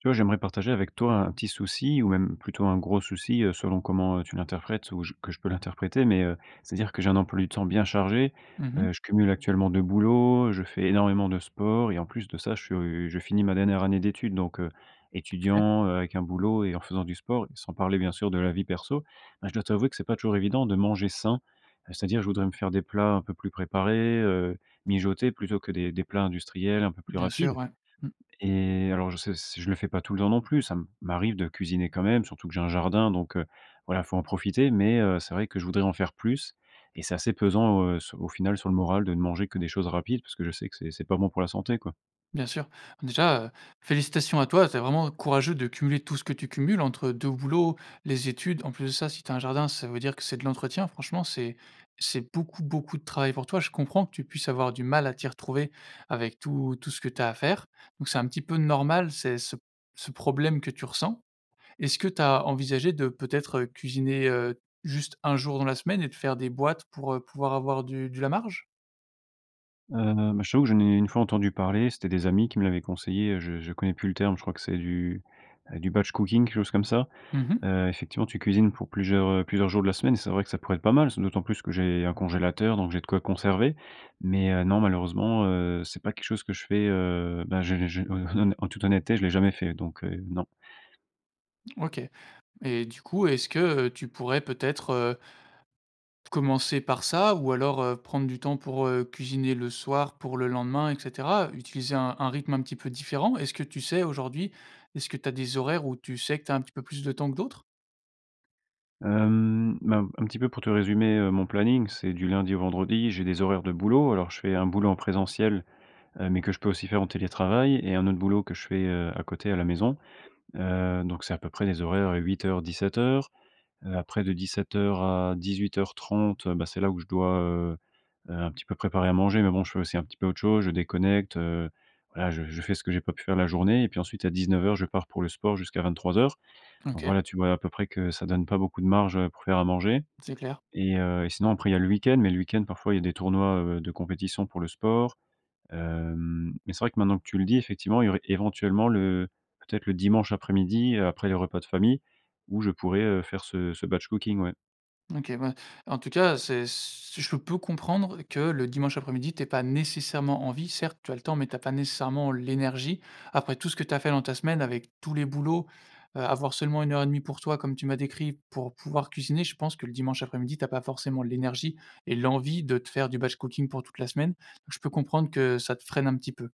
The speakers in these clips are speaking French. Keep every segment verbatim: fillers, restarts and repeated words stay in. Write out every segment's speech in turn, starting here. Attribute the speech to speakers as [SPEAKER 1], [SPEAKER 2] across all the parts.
[SPEAKER 1] Tu vois, j'aimerais partager avec toi, un petit souci ou même plutôt, un gros souci, heu, selon comment, heu, tu l'interprètes ou j que je peux l'interpréter mais heu, c'est-à-dire que j'ai un emploi du temps bien chargé.
[SPEAKER 2] Mmh
[SPEAKER 1] Heu,
[SPEAKER 2] mh.
[SPEAKER 1] je cumule actuellement deux boulots. Je fais énormément de sport et en plus de ça, je suis, heu, je finis ma dernière année d'études donc heu,
[SPEAKER 2] OK.
[SPEAKER 1] étudiant, heu, avec un boulot et en faisant du sport, sans parler, bien sûr, de la vie perso. Ben, je dois t'avouer que c'est pas toujours évident de manger sain. Heu, c'est-à-dire, je voudrais me faire des plats un peu plus préparés, heu, mijotés plutôt que des des plats industriels un peu plus
[SPEAKER 2] Bien
[SPEAKER 1] rapides
[SPEAKER 2] sûr, ouais. Mmh.
[SPEAKER 1] et alors je sais s je le fais pas tout le temps non plus. Ça m'arrive de cuisiner quand même, surtout que j'ai un jardin donc heu, voilà, faut en profiter mais heu, c'est vrai que je voudrais en faire plus et c'est assez pesant, heu, s au final, sur le moral de ne manger que des choses rapides parce que je sais que c'est c'est pas bon pour la santé, quoi.
[SPEAKER 2] Bien sûr. Déjà, heu, félicitations à toi. C'est vraiment courageux de cumuler tout ce que tu cumules entre deux boulots, les études. En plus de ça, si tu as un jardin, ça veut dire que c'est de l'entretien. Franchement, c'est c'est beaucoup, beaucoup de travail pour toi. Je comprends que tu puisses avoir du mal à t'y retrouver avec tout tout ce que tu as à faire. Donc c'est un petit peu normal, ces ce ce problème que tu ressens. Est-ce que tu as envisagé de, peut-être, heu, cuisiner, heu, juste un jour dans la semaine et de faire des boîtes pour, heu, pouvoir avoir du du la marge?
[SPEAKER 1] Heu, bah, je t'avoue que j'en ai, une fois, entendu parler. C'étaient des amis qui me l'avaient conseillé. Je je connais plus le terme. Je crois que c'est du, heu du batch cooking, quelque chose comme ça,
[SPEAKER 2] Mmh mh.
[SPEAKER 1] heu, effectivement, tu cuisines pour plusieurs, heu plusieurs jours de la semaine et c'est vrai que ça pourrait être pas mal, ce d'autant plus que j'ai un congélateur donc j'ai de quoi conserver. Mais heu, non, malheureusement, heu, c'est pas quelque chose que je fais, heu. Bah, je je je hon hon en toute honnêteté, je l'ai jamais fait donc heu, non.
[SPEAKER 2] OK et du coup, est-ce que, heu, tu pourrais peut-être, heu commencer par ça ou alors, heu, prendre du temps pour, heu, cuisiner le soir pour le lendemain et cetera? Utiliser un un rythme un petit peu différent? Est-ce que tu sais, aujourd'hui, est-ce que tu as des horaires où tu sais que tu as un petit peu plus de temps que d'autres?
[SPEAKER 1] Hem, bah, un un petit peu pour te résumer, heu, mon planning. C'est du lundi au vendredi. J'ai des horaires de boulot. Alors, je fais un boulot en présentiel, heu, mais que je peux aussi faire en télétravail et un autre boulot que je fais, heu, à côté, à la maison. Heu donc c'est à peu près les horaires, heu, huit heures-dix-sept heures heu, après de dix-sept heures à dix-huit heures trente heu, bah c'est là où je dois, heu heu, un petit peu préparer à manger. Mais bon, je fais aussi un petit peu autre chose. Je déconnecte, heu, voilà, je je fais ce que j'ai pas pu faire la journée et puis ensuite, à dix-neuf heures, je pars pour le sport jusqu'à vingt-trois heures. Donc
[SPEAKER 2] OK.
[SPEAKER 1] voilà, tu vois, à peu près, que ça donne pas beaucoup de marge, heu, pour faire à manger
[SPEAKER 2] C'est clair.
[SPEAKER 1] et heu et sinon après, il y a le week-end, mais le week-end, parfois, il y a des tournois, heu, de compétition pour le sport. Hem mais c'est vrai que maintenant que tu le dis, effectivement, il y aurait éventuellement le peut-être, le dimanche après-midi, après les repas de famille où je pourrais, heu, faire ce ce batch cooking, ouais.
[SPEAKER 2] OK, ben, en tout cas, c'est ce je peux comprendre que le dimanche après-midi, tu aies pas nécessairement envie. Certes, tu as le temps mais tu as pas nécessairement l'énergie. Après tout ce que tu as fait dans ta semaine, avec tous les boulots, heu, avoir seulement une heure et demie pour toi, comme tu m'as décrit, pour pouvoir cuisiner, je pense que le dimanche après-midi, tu as pas forcément l'énergie et l'envie de te faire du batch cooking pour toute la semaine. Donc je peux comprendre que ça te freine un petit peu.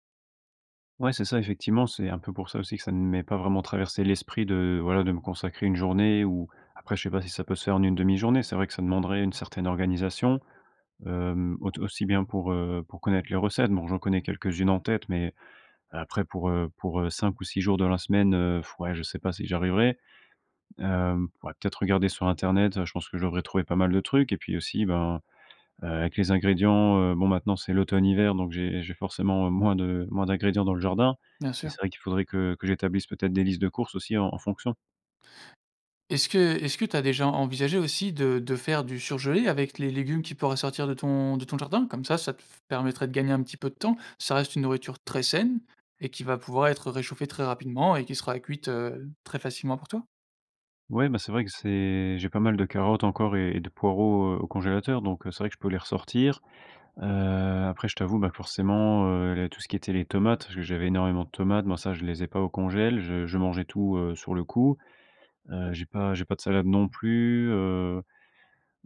[SPEAKER 1] Ouais, c'est ça effectivement, c'est un peu pour ça aussi que ça ne m'ait pas vraiment traversé l'esprit de voilà, de me consacrer une journée ou après je sais pas si ça peut se faire en une demi journée. C'est vrai que ça demanderait une certaine organisation, hem, aut aussi bien pour, heu, pour connaître les recettes. Bon, j'en connais quelques-unes en tête, mais après pour, heu, pour, heu, cinq ou six jours de la semaine, heu, pff, ouais, je sais pas si j'y arriverai, hem, pourrais peut-être regarder sur Internet, heu, je pense que je devrais trouver pas mal de trucs et puis aussi, ben, heu, avec les ingrédients, heu, bon maintenant, c'est l'automne, hiver donc j'ai j'ai forcément, heu, moins de moins d'ingrédients dans le jardin.
[SPEAKER 2] Bien
[SPEAKER 1] Mais c'est
[SPEAKER 2] sûr.
[SPEAKER 1] vrai qu'il faudrait que que j'établisse peut-être des listes de courses aussi en en fonction.
[SPEAKER 2] Est-ce que est-ce que tu as déjà envisagé aussi de de faire du surgelé avec les légumes qui pourraient sortir de ton de ton jardin? Comme ça, ça te f permettrait de gagner un petit peu de temps. Ça reste une nourriture très saine et qui va pouvoir être réchauffée très rapidement et qui sera cuite, heu, très facilement pour toi.
[SPEAKER 1] Ouais, beh, c'est vrai que c'est j'ai pas mal de carottes encore et et de poireaux, heu, au congélateur, donc, heu, c'est vrai que je peux les ressortir, heu, après je t'avoue, bah, forcément, heu, les tout ce qui était les tomates, je j'avais énormément de tomates, moi, ça, je les ai pas au congel, je je mangeais tout, heu, sur le coup, heu, j'ai pas j'ai pas de salade non plus, heu,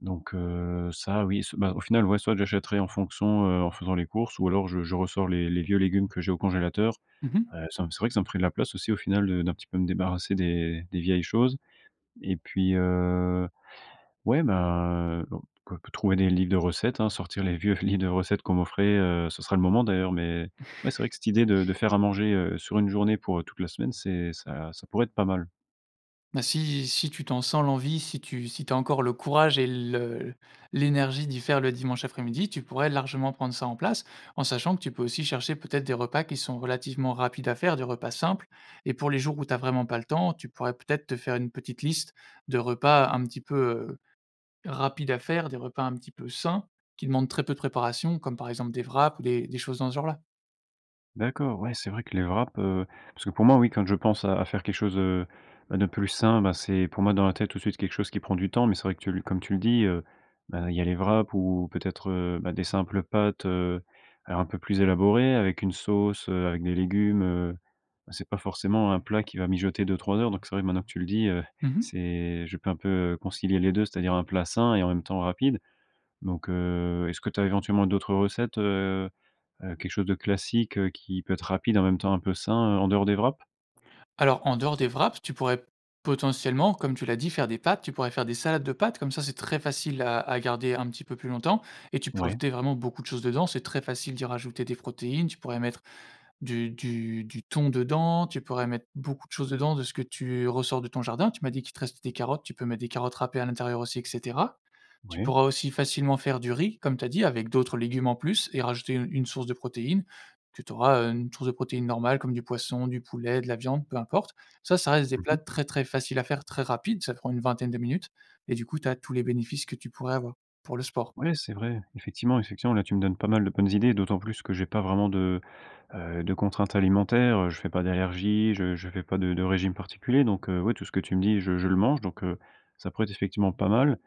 [SPEAKER 1] donc heu, ça, oui, s ben, au final, ouais, soit j'achèterai en fonction, heu, en faisant les courses ou alors je je ressors les les vieux légumes que j'ai au congélateur,
[SPEAKER 2] Mmh mh.
[SPEAKER 1] heu, ça me c'est vrai que ça me ferait de la place aussi, au final, de d'un petit peu me débarrasser des des vieilles choses et puis, heu, ouais, ben, bon, quoique trouver des livres de recettes, hein, sortir les vieux livres de recettes qu'on m'offrait, heu, ce sera le moment d'ailleurs, mais ouais, c'est vrai que cette idée de de faire à manger, heu, sur une journée pour, heu, toute la semaine, c'est ça ça pourrait être pas mal.
[SPEAKER 2] Ben si si tu t'en sens l'envie, si tu si tu as encore le courage et le l'énergie d'y faire le dimanche après-midi, tu pourrais largement prendre ça en place en sachant que tu peux aussi chercher peut-être des repas qui sont relativement rapides à faire, des repas simples et pour les jours où tu as vraiment pas le temps, tu pourrais peut-être te faire une petite liste de repas un petit peu, heu, rapide à faire, des repas un petit peu sains qui demandent très peu de préparation comme par exemple des wraps ou des des choses dans ce genre là.
[SPEAKER 1] D'accord, ouais, c'est vrai que les wraps, heu, parce que, pour moi, oui, quand je pense à à faire quelque chose, heu, de plus sain, bah, c'est pour moi dans la tête, tout de suite, quelque chose qui prend du temps. Mais c'est vrai que tu le comme tu le dis, heu, bah, il y a les wraps ou peut-être, heu, bah, des simples pâtes, heu, alors, un peu plus élaborées avec une sauce, heu, avec des légumes. Bah, c'est pas forcément un plat qui va mijoter deux-trois heures. Donc c'est vrai que, maintenant tu le dis, heu,
[SPEAKER 2] Mmh mh.
[SPEAKER 1] c'est je peux un peu concilier les deux, c'est-à-dire un plat sain et en même temps, rapide. Donc heu, est-ce que tu as éventuellement d'autres recettes, heu heu, quelque chose de classique, heu, qui peut être rapide, en même temps, un peu sain, en dehors des wraps?
[SPEAKER 2] Alors, en dehors des wraps, tu pourrais potentiellement, comme tu l'as dit, faire des pâtes. Tu pourrais faire des salades de pâtes, comme ça, c'est très facile à à garder un petit peu plus longtemps et tu peux
[SPEAKER 1] Ouais.
[SPEAKER 2] rajouter vraiment beaucoup de choses dedans. C'est très facile d'y rajouter des protéines. Tu pourrais mettre du du du thon dedans. Tu pourrais mettre beaucoup de choses dedans de ce que tu ressors de ton jardin. Tu m'as dit qu'il te restait des carottes. Tu peux mettre des carottes râpées à l'intérieur aussi et cetera. Tu
[SPEAKER 1] Ouais.
[SPEAKER 2] pourras aussi facilement faire du riz, comme tu as dit, avec d'autres légumes en plus et rajouter u une source de protéine que tu auras, heu, une source de protéines normale comme du poisson, du poulet, de la viande, peu importe. Ça, ça reste des
[SPEAKER 1] Mmh
[SPEAKER 2] plats
[SPEAKER 1] mh.
[SPEAKER 2] très, très faciles à faire, très rapides. Ça prend une vingtaine de minutes et du coup, tu as tous les bénéfices que tu pourrais avoir pour le sport.
[SPEAKER 1] Ouais, c'est vrai, effectivement, effectivement, là, tu me donnes pas mal de bonnes idées. D'autant plus que j'ai pas vraiment de, heu, de contraintes alimentaires. Heu, je fais pas d'allergie, je je fais pas de de régime particulier. Donc heu, ouais, tout ce que tu me dis, je je le mange donc heu, ça pourrait être, effectivement, pas mal.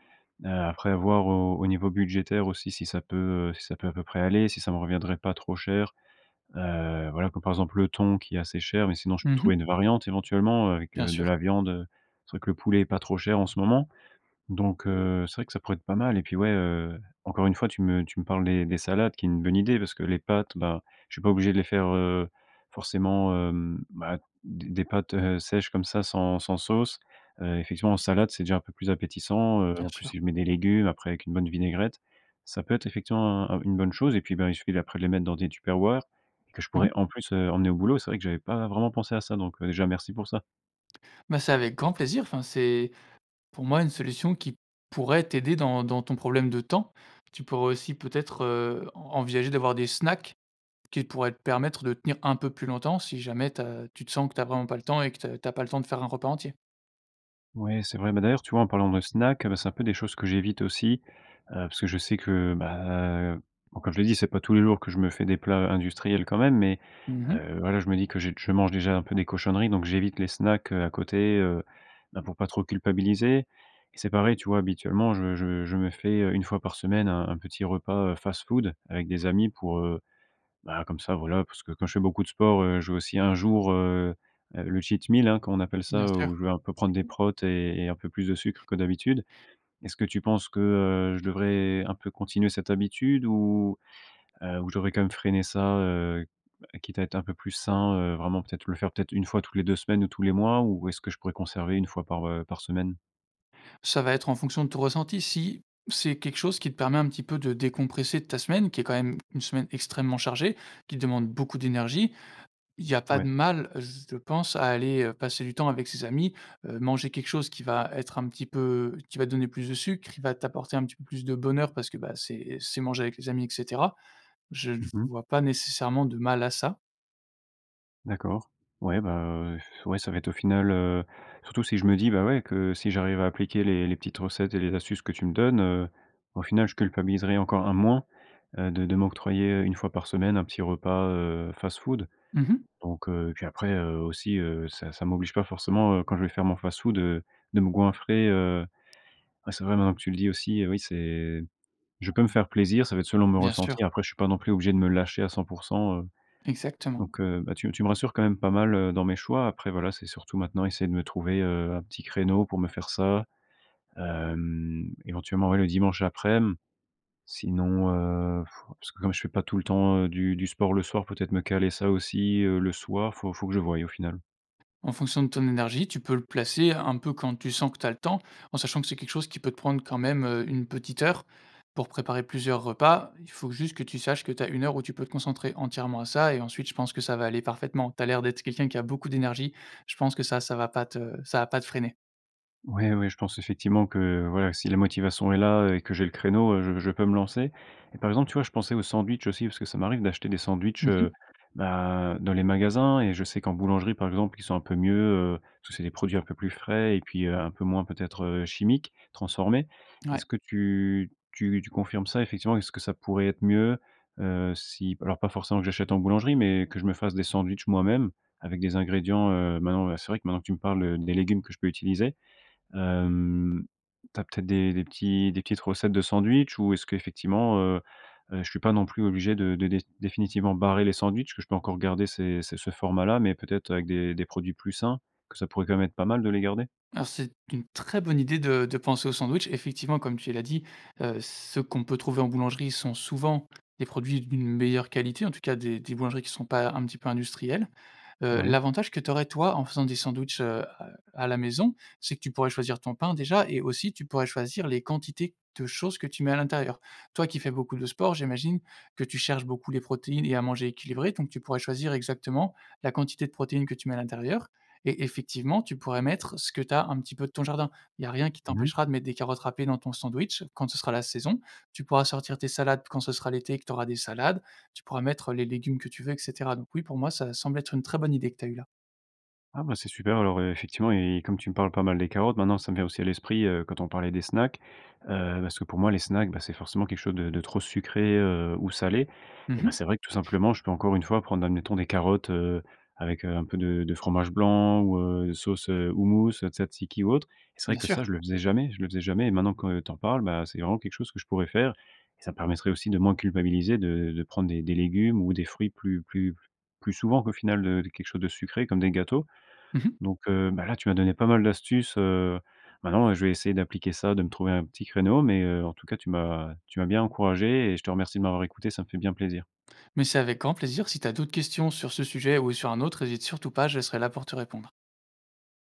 [SPEAKER 1] Heu, après, voir au au niveau budgétaire aussi, si ça peut, heu, si ça peut à peu près aller, si ça me reviendrait pas trop cher. Heu, voilà, comme, par exemple, le thon qui est assez cher mais sinon, je
[SPEAKER 2] Mmh
[SPEAKER 1] peux
[SPEAKER 2] mh.
[SPEAKER 1] trouver une variante, éventuellement, heu, avec
[SPEAKER 2] Bien
[SPEAKER 1] de
[SPEAKER 2] sûr.
[SPEAKER 1] la viande, heu. C'est vrai que le poulet est pas trop cher en ce moment. Donc heu, c'est vrai que ça pourrait être pas mal et puis ouais, heu, encore une fois, tu me tu me parles des des salades qui est une bonne idée parce que les pâtes, bah, je suis pas obligé de les faire, heu, forcément, hem, bah, d des pâtes, heu, sèches, comme ça, sans sans sauce. Heu, effectivement, en salade, c'est déjà un peu plus appétissant. Heu,
[SPEAKER 2] Bien
[SPEAKER 1] en plus,
[SPEAKER 2] sûr.
[SPEAKER 1] si je mets des légumes après, avec une bonne vinaigrette, ça peut être effectivement, heu, u une bonne chose et puis, ben, il suffit, d'après, de les mettre dans des tupperwares que je
[SPEAKER 2] Mmh mh.
[SPEAKER 1] pourrais, en plus, heu, emmener au boulot. C'est vrai que j'avais pas vraiment pensé à ça donc déjà, merci pour ça.
[SPEAKER 2] Bah, c'est avec grand plaisir. Enfin, c'est, pour moi, une solution qui pourrait t'aider dans dans ton problème de temps. Tu pourrais aussi peut-être, heu, en envisager d'avoir des snacks qui pourraient te permettre de tenir un peu plus longtemps, si jamais tu as tu te sens que tu as vraiment pas le temps et que tu as tu as pas le temps de faire un repas entier.
[SPEAKER 1] Ouais, c'est vrai. Beh, d'ailleurs, tu vois, en parlant de snack, heu, bah, c'est un peu des choses que j'évite aussi, heu, parce que je sais que, bah, heu, bon, comme je l'ai dit, c'est pas tous les jours que je me fais des plats, heu, industriels, quand même mais
[SPEAKER 2] Mmh mh.
[SPEAKER 1] heu, voilà, je me dis que j je mange déjà un peu des cochonneries, donc j'évite les snacks, heu, à côté, heu, bah, pour pas trop culpabiliser et c'est pareil, tu vois, habituellement, je je je me fais, heu, une fois par semaine un un petit repas, heu, fast-food avec des amis pour, heu, bah, comme ça, voilà, parce que quand je fais beaucoup de sport, heu, je veux aussi un jour, heu heu, le cheat meal, hein, comme on appelle ça,
[SPEAKER 2] Bien
[SPEAKER 1] heu,
[SPEAKER 2] sûr.
[SPEAKER 1] où je vais un peu prendre des prots
[SPEAKER 2] Mmh mh.
[SPEAKER 1] et et un peu plus de sucre que d'habitude. Est-ce que tu penses que, heu, je devrais un peu continuer cette habitude ou heu ou je devrais, quand même, freiner ça, heu heu, quitte à être un peu plus sain, heu, vraiment, peut-être, le faire, peut-être, une fois tous les deux semaines ou tous les mois ou est-ce que je pourrais conserver une fois par, heu, par semaine?
[SPEAKER 2] Ça va être en fonction de ton ressenti. Si c'est quelque chose qui te permet un petit peu de décompresser de ta semaine, qui est, quand même, une semaine extrêmement chargée, qui te demande beaucoup d'énergie, il y a pas
[SPEAKER 1] Ouais.
[SPEAKER 2] de mal, z je pense, à aller, heu, passer du temps avec ses amis, heu, manger quelque chose qui va être un petit peu qui va te donner plus de sucre, qui va t'apporter un petit peu plus de bonheur parce que, bah, c'est c'est manger avec les amis et cetera. Je je ne
[SPEAKER 1] Mmh mh.
[SPEAKER 2] vois pas nécessairement de mal à ça.
[SPEAKER 1] D'accord. Ouais, bah heu, ouais, ça va être au final, heu, surtout si je me dis, bah, ouais, que si j'arrive à appliquer les les petites recettes et les astuces que tu me donnes, heu, au final, je culpabiliserai encore un moins de de m'octroyer, heu, une fois par semaine, un petit repas, heu, fast-food.
[SPEAKER 2] Mmh mh.
[SPEAKER 1] Donc heu, puis après, heu, aussi, heu, ça ça m'oblige pas forcément, heu, quand je vais faire mon fast-food, heu, de me goinfrer, heu, ouais, c'est vrai maintenant que tu le dis aussi, oui, c'est je peux me faire plaisir, ça va être selon mon
[SPEAKER 2] Bien sûr.
[SPEAKER 1] ressenti. Après, je suis pas non plus obligé de me lâcher à cent pour cent heu
[SPEAKER 2] Exactement.
[SPEAKER 1] donc heu, bah, tu m tu me rassures quand même pas mal, heu, dans mes choix. Après, voilà, c'est surtout, maintenant, essayer de me trouver, heu, un petit créneau pour me faire ça. Hem, éventuellement, ouais, le dimanche aprèm. Sinon, heu, parce que comme je fais pas tout le temps, heu, du du sport le soir, peut-être me caler ça aussi, heu, le soir. Faut faut que je voille, au final.
[SPEAKER 2] En fonction de ton énergie, tu peux le placer un peu quand tu sens que tu as le temps, en sachant que c'est quelque chose qui peut te prendre, quand même, heu, une petite heure pour préparer plusieurs repas. Il faut juste que tu saches que tu as une heure où tu peux te concentrer entièrement à ça et ensuite je pense que ça va aller parfaitement. Tu as l'air d'être quelqu'un qui a beaucoup d'énergie. Je pense que ça, ça va pas te ça va pas te freiner.
[SPEAKER 1] Oui, oui, je pense effectivement que, voilà, si la motivation est là et que j'ai le créneau, heu, je je peux me lancer et par exemple, tu vois, je pensais aux sandwichs aussi parce que ça m'arrive d'acheter des sandwichs,
[SPEAKER 2] Mmh mh.
[SPEAKER 1] heu bah, dans les magasins et je sais qu'en boulangerie, par exemple, qu'ils sont un peu mieux, heu, parce que c'est des produits un peu plus frais et puis un peu moins, peut-être, heu, chimiques, transformés.
[SPEAKER 2] Ouais.
[SPEAKER 1] Est-ce que tu tu tu confirmes ça? Effectivement, est-ce que ça pourrait être mieux, heu, si alors, pas forcément que j'achète en boulangerie mais que je me fasse des sandwichs moi-même? Avec des ingrédients, heu, maintenant, ben, c'est vrai que, maintenant, tu me parles, heu, les légumes que je peux utiliser. Hem, tu as peut-être des des petits des petites recettes de sandwichs? Ou est-ce qu'effectivement, heu heu, je suis pas non plus obligé de de déf définitivement barrer les sandwichs, est-ce que je peux encore garder ces ces ce format-là mais peut être, avec des des produits plus sains? Que ça pourrait, quand même, être pas mal de les garder?
[SPEAKER 2] Alors, c'est une très bonne idée de de penser au sandwich. Effectivement, comme tu l'as dit, heu, ceux qu'on peut trouver en boulangerie sont, souvent, des produits d'une meilleure qualité, en tout cas, des des boulangeries qui sont pas, un petit peu industrielles. Heu,
[SPEAKER 1] Ouais.
[SPEAKER 2] l'avantage que tu aurais, toi, en faisant des sandwichs, heu, à à la maison, c'est que tu pourrais choisir ton pain, déjà et aussi tu pourrais choisir les quantités de choses que tu mets à l'intérieur. Toi qui fais beaucoup de sport, j'imagine que tu cherches beaucoup les protéines et à manger équilibré donc tu pourrais choisir exactement la quantité de protéines que tu mets à l'intérieur et effectivement, tu pourrais mettre ce que tu as un petit peu de ton jardin. Il y a rien qui
[SPEAKER 1] Mmh mh.
[SPEAKER 2] t'empêchera de mettre des carottes râpées dans ton sandwich quand ce sera la saison. Tu pourras sortir tes salades quand ce sera l'été et que tu auras des salades. Tu pourras mettre les légumes que tu veux et cetera. Donc oui, pour moi, ça semble être une très bonne idée que tu as eue là.
[SPEAKER 1] Ah, bah, c'est super, alors, ef effectivement et comme tu me parles pas mal des carottes, maintenant ça me vient aussi à l'esprit, heu, quand on parlait des snacks, heu, parce que, pour moi, les snacks, bah, c'est forcément quelque chose de de trop sucré, heu, ou salé.
[SPEAKER 2] Mmh
[SPEAKER 1] Eh bah,
[SPEAKER 2] mh.
[SPEAKER 1] c'est vrai que tout simplement, je peux encore une fois, prendre, admettons, des carottes, heu, avec, heu, un peu de de fromage blanc ou, heu, sauce, heu, houmous, tzatzíki ou autre et c'est vrai
[SPEAKER 2] Bien
[SPEAKER 1] que
[SPEAKER 2] sûr.
[SPEAKER 1] ça, je le faisais jamais, je le faisais jamais et maintenant que tu en parles, bah, c'est vraiment quelque chose que je pourrais faire et ça me permettrait aussi de moins culpabiliser, de de prendre des des légumes ou des fruits plus plus plus souvent qu'au final, heu, de quelque chose de sucré comme des gâteaux.
[SPEAKER 2] Mmh mh.
[SPEAKER 1] Donc heu bah, là, tu m'as donné pas mal d'astuces, heu. Maintenant, heu, je vais essayer d'appliquer ça, de me trouver un petit créneau mais heu, en tout cas, tu m'as tu m'as bien encouragé et je te remercie de m'avoir écouté. Ça me fait bien plaisir.
[SPEAKER 2] Mais c'est avec grand plaisir. Si tu as d'autres questions sur ce sujet ou sur un autre, hésite surtout pas, je serai là pour te répondre.